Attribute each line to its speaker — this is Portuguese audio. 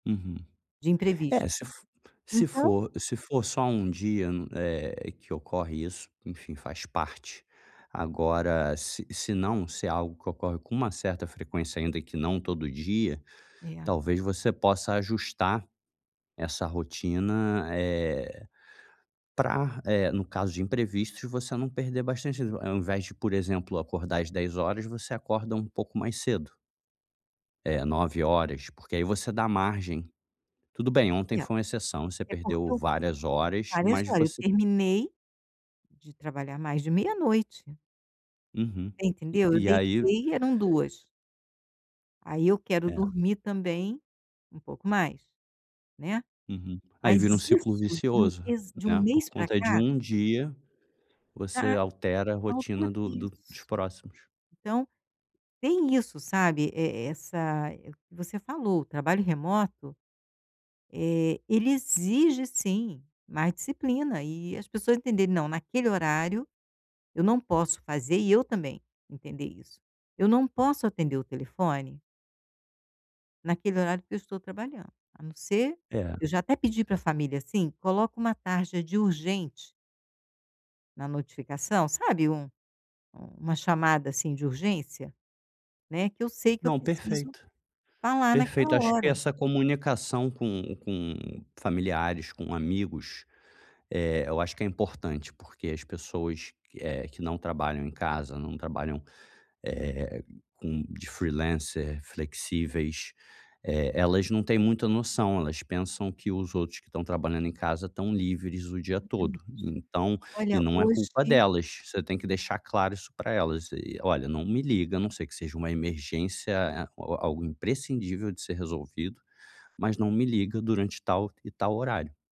Speaker 1: Uhum.
Speaker 2: De imprevisto,
Speaker 1: É, se f se
Speaker 2: então
Speaker 1: for se for só um dia no eh, que ocorre isso, enfim, faz parte. Agora se senão, se é algo que ocorre com uma certa frequência, ainda que não todo dia,
Speaker 2: É.
Speaker 1: talvez você possa ajustar essa rotina, eh, pra, eh, no caso de imprevistos, de você não perder bastantes o ao invés de, por exemplo, acordar às 10h00 você acorda um pouco mais cedo. Eh, 9h00 porque aí você dá margem. Tudo bem, ontem
Speaker 2: É.
Speaker 1: foi uma exceção, você
Speaker 2: É porque
Speaker 1: perdeu
Speaker 2: eu
Speaker 1: várias horas,
Speaker 2: várias
Speaker 1: mas
Speaker 2: horas, eu
Speaker 1: você
Speaker 2: terminei de trabalhar mais de meia-noite.
Speaker 1: Uhum.
Speaker 2: Você
Speaker 1: E
Speaker 2: entendeu? Eu
Speaker 1: e aí
Speaker 2: deitei eram 2h00. Aí eu quero
Speaker 1: É.
Speaker 2: dormir também um pouco mais, né.
Speaker 1: Uhum. Aí
Speaker 2: Mas
Speaker 1: vira um ciclo
Speaker 2: isso, de um
Speaker 1: vicioso,
Speaker 2: mês de um
Speaker 1: né. Por
Speaker 2: mês para
Speaker 1: conta de
Speaker 2: cá
Speaker 1: 1 dia você
Speaker 2: Da
Speaker 1: altera a
Speaker 2: da outra
Speaker 1: rotina do do os
Speaker 2: isso.
Speaker 1: próximos.
Speaker 2: Então tem isso, sabe, e essa é o que você falou, o trabalho remoto, eh, ele exige sim mais disciplina e as pessoas entenderem: "Não, naquele horário eu não posso fazer", e eu também entender isso: "Eu não posso atender o telefone" "naquele horário que eu estou trabalhando. A não ser"
Speaker 1: É.
Speaker 2: eu já até pedi para família assim: "Coloca um tarja de urgente" "na notificação", sabe, um uma chamada, assim, de urgência, né, que eu sei que eu
Speaker 1: Não,
Speaker 2: preciso
Speaker 1: perfeito.
Speaker 2: falar naquela
Speaker 1: Perfeito, acho que
Speaker 2: hora.
Speaker 1: essa comunicação com com familiares, com amigos, eh, eu acho que é importante, porque as pessoas que eh, que não trabalham em casa, não trabalham, eh, com de freelancer flexíveis, eh, elas não têm muito a noção, elas pensam que os outros que estão trabalhando em casa estão livres o dia todo,
Speaker 2: tamente.
Speaker 1: então e
Speaker 2: Olha,
Speaker 1: não é culpa
Speaker 2: hoje
Speaker 1: delas, você tem que deixar claro isso para elas e: "Olha, não me liga a não ser que seja uma emergência, eh, ou algo imprescindível de ser resolvido. Mas não me liga durante tal e tal horário".